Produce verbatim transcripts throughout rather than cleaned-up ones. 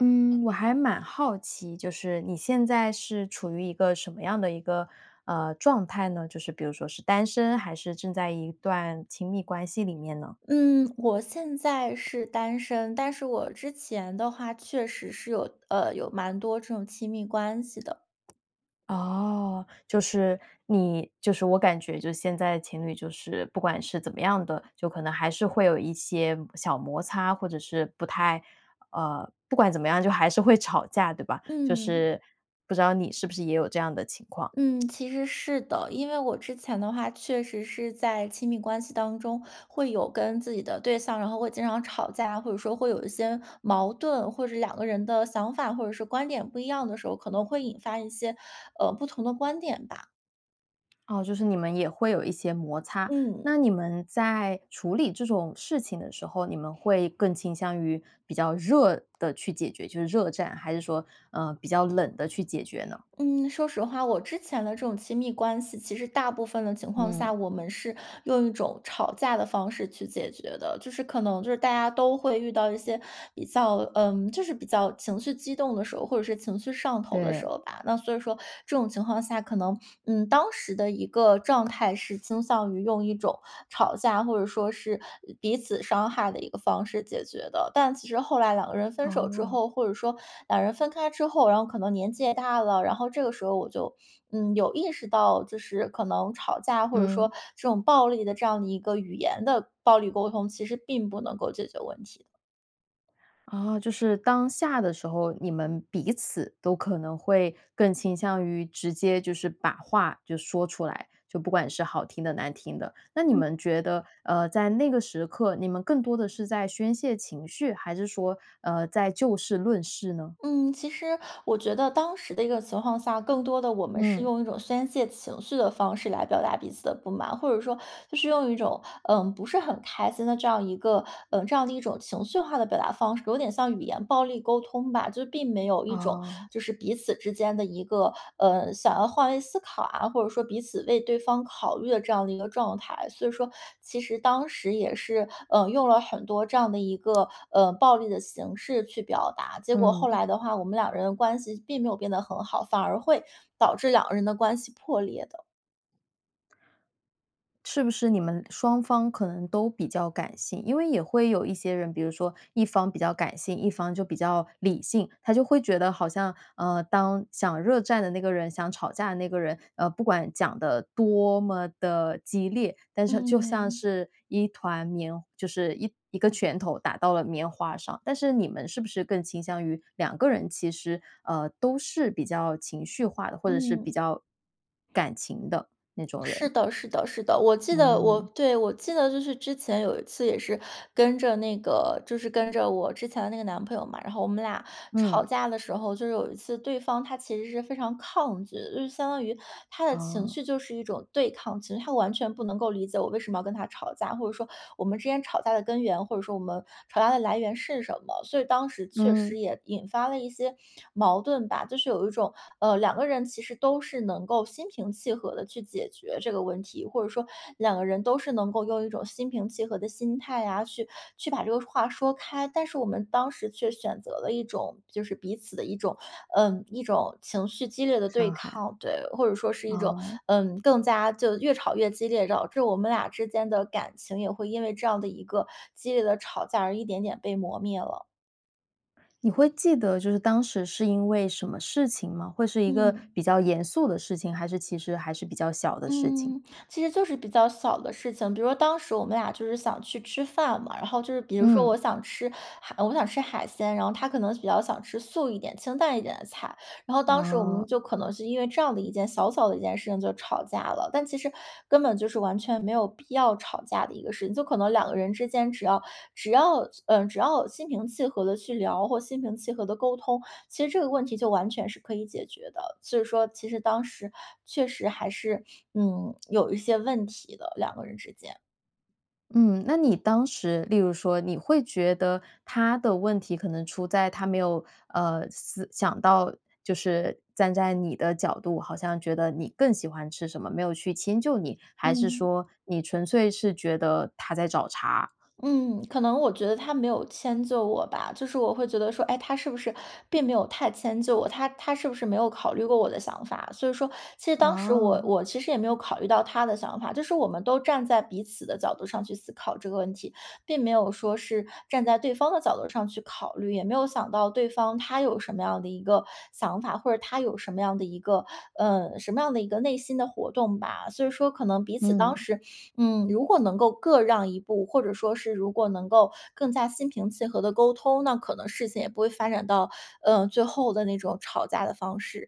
嗯，我还蛮好奇，就是你现在是处于一个什么样的一个呃，状态呢？就是比如说是单身还是正在一段亲密关系里面呢？嗯，我现在是单身。但是我之前的话，确实是有呃，有蛮多这种亲密关系的。哦，就是你就是我感觉就现在情侣就是不管是怎么样的，就可能还是会有一些小摩擦，或者是不太呃，不管怎么样，就还是会吵架对吧？就嗯。是不知道你是不是也有这样的情况？嗯，其实是的。因为我之前的话确实是在亲密关系当中会有跟自己的对象，然后会经常吵架啊，或者说会有一些矛盾。或者两个人的想法或者说观点不一样的时候，可能会引发一些，呃，不同的观点吧。哦，就是你们也会有一些摩擦。嗯。那你们在处理这种事情的时候，你们会更倾向于比较热地去解决，就是热战，还是说，嗯，比较冷地去解决呢？嗯，说实话，我之前的这种亲密关系其实大部分的情况下，嗯。我们是用一种吵架的方式去解决的。就是可能就是大家都会遇到一些比较，嗯，就是比较情绪激动的时候，或者是情绪上头的时对。候吧。那所以说这种情况下可能，嗯，当时的一个状态是倾向于用一种吵架啊，或者说是彼此伤害的一个方式解决的。但其实后来两个人分手之哦。后，或者说俩人分开之后，然后可能年纪也大了，然后这个时候我就嗯，有意识到，就是可能吵架，或者说嗯。这种暴力的这样的一个语言的暴力沟通，其实并不能够解决问题。哦，就是当下的时候，你们彼此都可能会更倾向于直接就是把话就说出来，就不管是好听的难听的。那你嗯。们觉得呃在那个时刻，你们更多地是在宣泄情绪，还是说呃在就事论事呢？嗯，其实我觉得当时的一个情况下，更多地我们是嗯。用一种宣泄情绪的方式来表达彼此的不满，或者说就是用一种呃不是很开心的这样一个嗯这样的一种情绪化的表达方式，有点像语言暴力沟通吧。就并没有一种哦。就是彼此之间的一个，呃想要换位思考啊，或者说彼此为对方考虑的这样的一个状态。所以说其实当时也是嗯用了很多这样的一个，呃，暴力的形式去表达，结果后嗯。来的话，我们两个人的关系并没有变得很好，反而会导致两个人的关系破裂的。是不是你们双方可能都比较感性？因为也会有一些人，比如说一方比较感性，一方就比较理性。他就会觉得好像呃，当想热战的那个人想吵架的那个人，呃不管讲得多么地激烈，但是就像嗯。是一团棉就是一一个拳头打到了棉花上。但是你们是不是更倾向于两个人其实呃都是比较情绪化的，或者是比嗯。较感情的那种是人。的，是的，是的。我记得我嗯。对，我记得就是之前有一次也是跟着那个，就是跟着我之前的那个男朋友嘛。然后我们俩吵嗯。架的时候，就是有一次对方，他其实是非常抗拒，就相当于他的情绪哦。就是一种对抗，其实他完全不能够理解我为什么要跟他吵架，或者说我们之间吵架的根源，或者说我们吵架的来源是什么。所以当时确嗯。实也引发了一些矛盾吧，就是有一种，呃，两个人其实都是能够心平气和地去解决这个问题，或者说两个人都是能够用一种心平气和的心态啊，去去把这个话说开。但是我们当时却选择了一种就是彼此的一种，呃，一种情绪激烈的对伤害。抗，对。或者说是一种哦。嗯更加就越吵越激烈，导致我们俩之间的感情也会因为这样的一个激烈的吵架而一点点被磨灭了。你会记得就是当时是因为什么事情吗？会是一个嗯。比较严肃的事情，还是其实还是比较小的事情？嗯，其实就是比较小的事情。比如说当时我们俩就是想去吃饭嘛，然后就是比如说我嗯。想吃海我想吃海鲜，然后他可能比较想吃素一点，清淡一点的菜，然后当时我们哦。就可能是因为这样的一件小小的一件事情就吵架了。但其实根本就是完全没有必要吵架的一个事情，就可能两个人之间，只要只要嗯，只要心平气和地去聊，或心平气和地沟通，其实这个问题就完全是可以解决的。其实说，其实当时确实还是，嗯，有一些问题的，两个人之间。嗯，那你当时，例如说你会觉得他的问题可能出在他没有呃，思想到就是站在你的角度，好像觉得你更喜欢吃什么，没有去迁就你，还是嗯。说你纯粹是觉得他在找茬？嗯，可能我觉得他没有迁就我吧。就是我会觉得说，哎，他是不是并没有太迁就我，他他是不是没有考虑过我的想法。所以说，其实当时我哦。我其实也没有考虑到他的想法，就是我们都站在彼此的角度上去思考这个问题，并没有说是站在对方的角度上去考虑，也没有想到对方他有什么样的一个想法，或者他有什么样的一个呃，什么样的一个内心的活动吧。所以说可能彼此当嗯。时嗯，如果能够各让一步，或者说是如果能够更加心平气和地沟通，那可能事情也不会发展到，呃，最后的那种吵架的方式。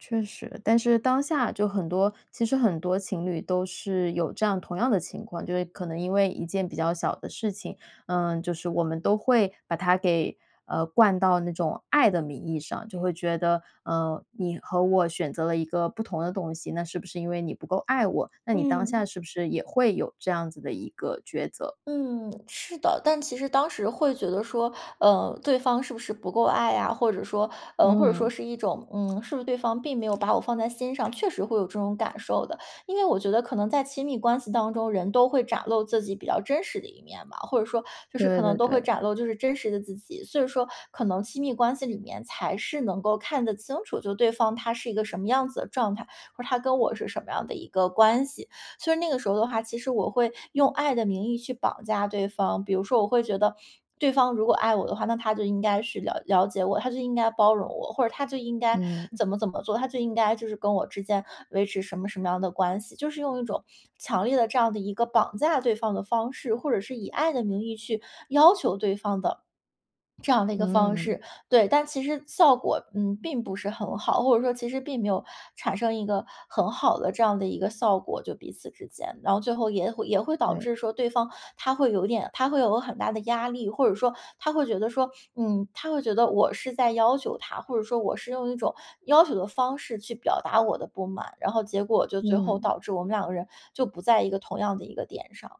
确实，但是当下就很多其实很多情侣都是有这样同样的情况，就是可能因为一件比较小的事情，呃，就是我们都会把它给呃灌到那种爱的名义上，就会觉得，呃，你和我选择了一个不同的东西，那是不是因为你不够爱我？那你当嗯。下是不是也会有这样子的一个抉择？嗯，是的，但其实当时会觉得说，呃，对方是不是不够爱啊，或者说呃或者说嗯。是一种，嗯，是不是对方并没有把我放在心上，确实会有这种感受的。因为我觉得可能在亲密关系当中，人都会展露自己比较真实的一面吧，或者说就是可对能对都会对。展露就是真实的自己。所以说可能亲密关系里面才是能够看得清楚就对方他是一个什么样子的状态，或是他跟我是什么样的一个关系。所以那个时候的话，其实我会用爱的名义去绑架对方，比如说我会觉得对方如果爱我的话，那他就应该是了了解我，他就应该包容我，或者他就应该嗯。怎么怎么做，他就应该就是跟我之间维持什么什么样的关系，就是用一种强烈的这样的一个绑架对方的方式，或者是以爱的名义去要求对方的 这样的一个方嗯。式。对，但其实效果，嗯，并不是很好，或者说其实并没有产生一个很好的这样的一个效果就彼此之间。然后最后也会也会导对。致说对方他会有点他会有很大的压力，或者说他会觉得说，嗯，他会觉得我是在要求他，或者说我是用一种要求的方式去表达我的不满，然后结果就最后嗯。导致我们两个人就不在一个同样的一个点上。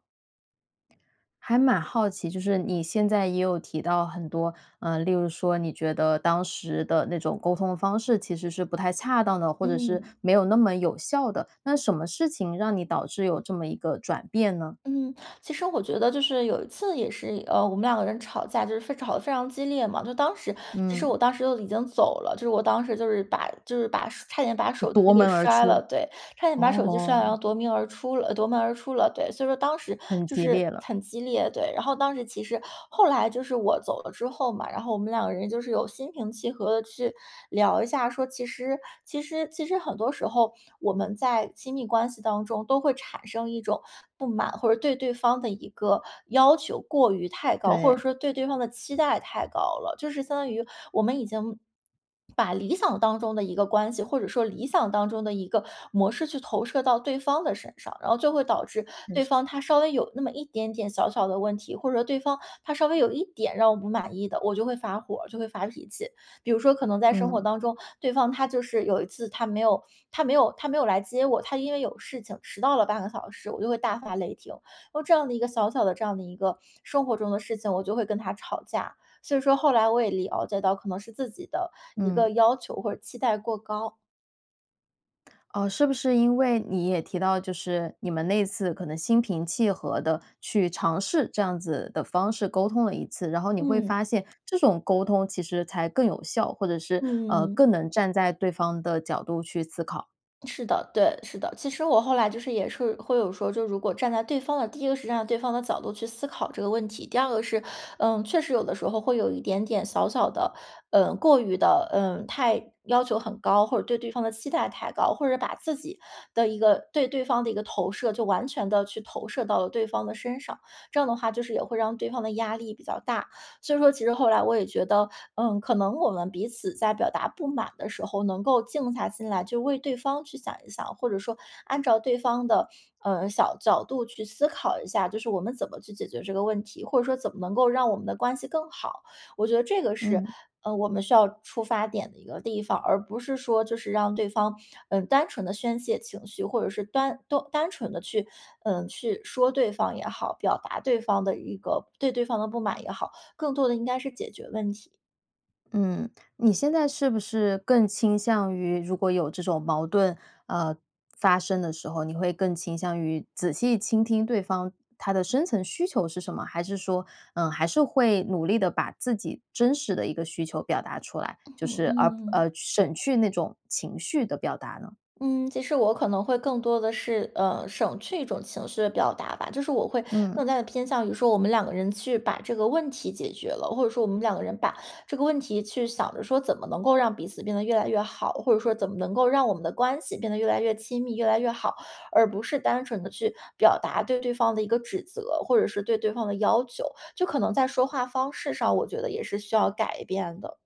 还蛮好奇，就是你现在也有提到很多，呃，例如说你觉得当时的那种沟通方式其实是不太恰当的，或者是嗯。没有那么有效的。那什么事情让你导致有这么一个转变呢？嗯，其实我觉得就是有一次也是呃，我们两个人吵架就是非吵得非常激烈嘛。就当时其实嗯。我当时都已经走了，就是我当时就是把就是把差点把就手机夺给门而摔出。了。对，差点把手机摔了，哦。然后夺鸣而出了，呃，夺门而出了。对，所以说当时很就激烈是了。很激烈，对。然后当时其实后来就是我走了之后嘛，然后我们两个人就是有心平气和地去聊一下说，其实其实其实很多时候我们在亲密关系当中都会产生一种不满，或者对对方的一个要求过于太高，或者对。说对对方的期待太高了。就是相当于我们已经 把理想当中的一个关系，或者说理想当中的一个模式去投射到对方的身上，然后就会导致嗯，对方是。他稍微有那么一点点小小的问题，或者说对方他稍微有一点让我不满意的，我就会发火儿，就会发脾气。比如说可能在生活嗯。当中，对方他就是有一次他没有他没有他没有来接我，他因为有事情迟到了半个小时，我就会大发雷霆。然后这样的一个小小的这样的一个生活中的事情，我就会跟他吵架。所以说后来我也了解到可能是自己的一个嗯。要求或者期待过高。呃，是不是因为你也提到就是你们那次可能心平气和地去尝试这样子的方式沟通了一次。然后你会嗯。发现这种沟通其实才更有效，或者是呃嗯。更能站在对方的角度去思考。是的，对，是的。其实我后来就是也是会有说，就如果站在对方的，第一个实际上对方的角度去思考这个问题。第二个是，呃，确实有的时候会有一点点小小的，嗯过于的嗯，太要求很高，或者对对方的期待太高。或者把自己的一个对对方的一个投射就完全地去投射到了对方的身上，这样的话就是也会让对方的压力比较大。所以说其实后来我也觉得，嗯，可能我们彼此在表达不满的时候能够静下心来去为对方去想一想，或者说按照对方的呃小角度去思考一下。就是我们怎么去解决这个问题，或者说怎么能够让我们的关系更好。我觉得这个是嗯。呃我们需要出发点的一个地方，而不是说就是让对方嗯单纯地宣泄情绪，或者是端-单纯地去嗯去说对方也好，表达对方的一个对对方的不满也好，更多的应该是解决问题。嗯，你现在是不是更倾向于如果有这种矛盾，呃，发生的时候，你会更倾向于仔细倾听对方，他的深层需求是什么，还是说，呃，还是会努力地把自己真实的一个需求表达出来，嗯就哼，是，呃嗯。呃，省去那种情绪的表达呢？嗯，其实我可能会更多地是，呃，省去一种情绪的表达吧。就是我会嗯。更加地偏向于说我们两个人去把这个问题解决了，或者说我们两个人把这个问题去想着说怎么能够让彼此变得越来越好，或者说怎么能够让我们的关系变得越来越亲密、越来越好，而不是单纯地去表达对对方的一个指责，或者是对对方的要求，就可能在说话方式上，我觉得也是需要改变的。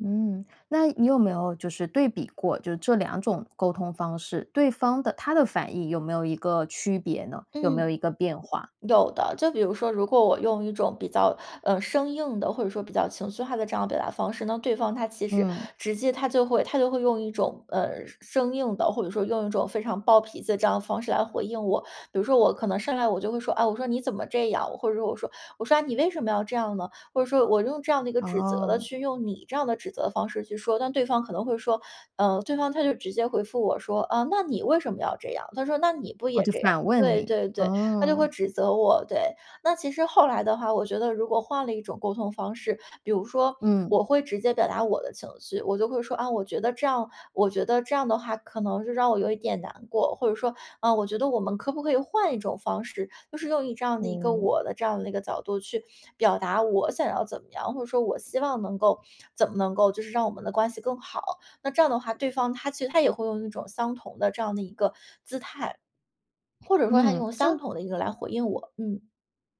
嗯，那你有没有就是对比过，就是这两种沟通方式，对方的，他的反应有没有一个区别呢？有没有嗯。一个变化？有的，就比如说，如果我用一种比较，呃，生硬的，或者说比较情绪化的这样表达方式，那对方他其实嗯。直接他就会他就会用一种，呃，生生硬的，或者说用一种非常暴脾气的这样的方式来回应我。比如说我可能上来我就会说：“啊，我说你怎么这样。”或者说我说，我说：”啊，你为什么要这样呢？”或者说我用这样的一个指责的哦。去用你这样的指责的方式去说。但对方可能会说，呃，对方他就直接回复我说：“啊，那你为什么要这样？”他说：“那你不哦也就这样。”反问对，你，对，对，他就会哦。指责我，对。那其实后来的话，我觉得如果换了一种沟通方式，比如说嗯。我会直接表达我的情绪，我就会说：“啊，我觉得这样，我觉得这样的话可能就让我有一点难过“，或者说：“啊，我觉得我们可不可以换一种方式”，就是用一这样的一个哦。我的这样的一个角度去表达我想要怎么样，或者说我希望能够，怎么能够就是让我们的关系更好。那这样的话，对方他其实他也会用一种相同的这样的一个姿态，或者说他嗯，用相就同的一个来回应我。嗯。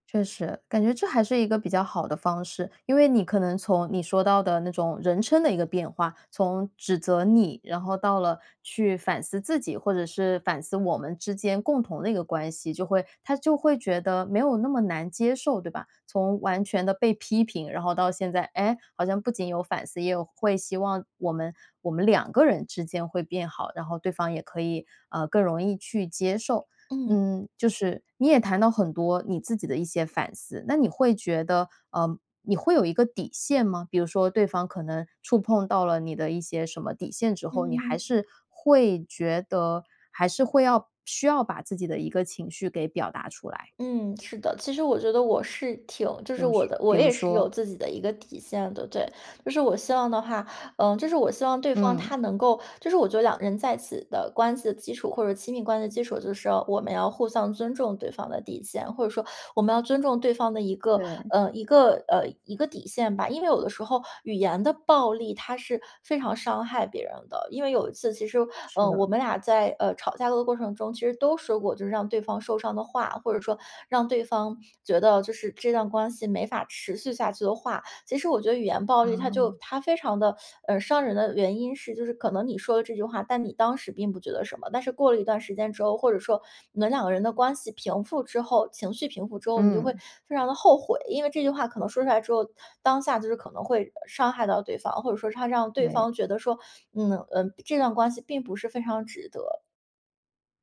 确实，感觉这还是一个比较好的方式。因为你可能从你说到的那种人称的一个变化，从指责你，然后到了去反思自己，或者是反思我们之间共同的一个关系。就会他就会觉得没有那么难接受，对吧？从完全地被批评，然后到现在，诶，好像不仅有反思。也有会希望我们我们两个人之间会变好，然后对方也可以呃，更容易去接受。嗯。嗯，就是你也谈到很多你自己的一些反思，那你会觉得嗯，你会有一个底线吗？比如说对方可能触碰到了你的一些什么底线之嗯后，嗯你还嗯。是会觉得还是会要需要把自己的一个情绪给表达出来？嗯，是的，其实我觉得我是挺就是就我是，的我比如也是有说？自己的一个底线的。对，就是我希望的话，嗯，就是我希望对方他嗯。能够，就是我觉得两个人在一起的关系的基础，或者说亲密关系的基础。就是我们要互相尊重对方的底线，或者说我们要尊重对方的一个，对。呃一个呃，一个底线吧，因为有的时候语言的暴力，它是非常伤害别人的。因为有一次其实，是嗯，我的。们俩在，呃，吵架的过程中，其实都说过就是让对方受伤的话，或者说让对方觉得就是这段关系没法持续下去的话。其实我觉得语言暴力它就哦。它非常地 嗯，伤人的原因是就是可能你说了这句话，但你当时并不觉得什么。但是过了一段时间之后，或者说你们两个人的关系平复之后、情绪平复之后，你就会嗯。非常地后悔。因为这句话可能说出来之后，当下就是可能会伤害到对方，或者说它让对对。方觉得说嗯，呃，这段关系并不是非常值得。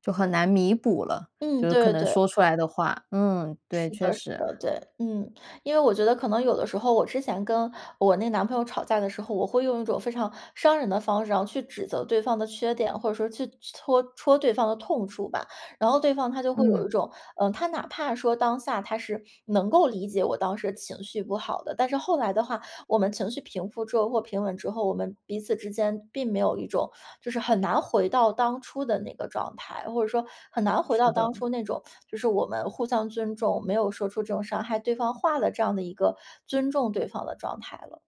就很难弥补了。嗯，就是可对对能对。说出来的话，嗯，对，是确的，是实。的，对。嗯，因为我觉得可能有的时候我之前跟我那男朋友吵架的时候，我会用一种非常伤人的方式然后去指责对方的缺点，或者说去搓戳对方的痛处吧。然后对方他就会有嗯。一种，呃，他哪怕说当下他是能够理解我当时的情绪不好的。但是后来的话我们情绪平复之后或平稳之后，我们彼此之间并没有一种，就是很难回到当初的那个状态，或者说很难回是到当的。初那种，就是我们互相尊重，没有说出这种伤害对方话的这样的一个尊重对方的状态了。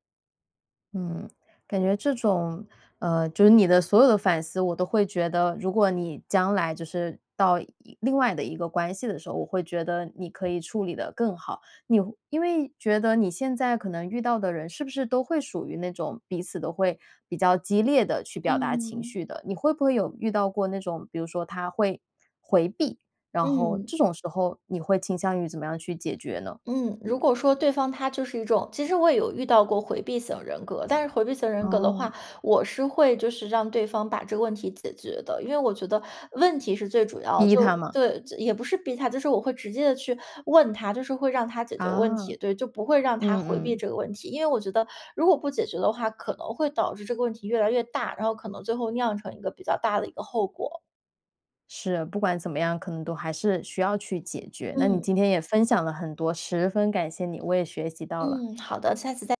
嗯，感觉这种，呃，就是你的所有的反思我都会觉得，如果你将来就是到一另外的一个关系的时候，我会觉得你可以处理得更好。你会因为觉得你现在可能遇到的人是不是都会属于那种彼此都会比较激烈地去表达情嗯。绪的？你会不会有遇到过那种，比如说他会回避，然后嗯。这种时候你会倾向于怎么样去解决呢？嗯，如果说对方他就是一种其实我也有遇到过回避型人格，但是回避型人格的话，哦。我是会就是让对方把这个问题解决的。因为我觉得问题是最主要的，逼就他嘛。对，就也不是逼他，就是我会直接地去问他，就是会让他解决问题。啊。对，就不会让他嗯，回避嗯。这个问题。因为我觉得如果不解决的话，可能会导致这个问题越来越大，然后可能最后酿成一个比较大的一个后果。是，不管怎么样，可能都还是需要去解决。那你嗯。今天也分享了很多，十分感谢你，我也学习到了。嗯，好的，下次再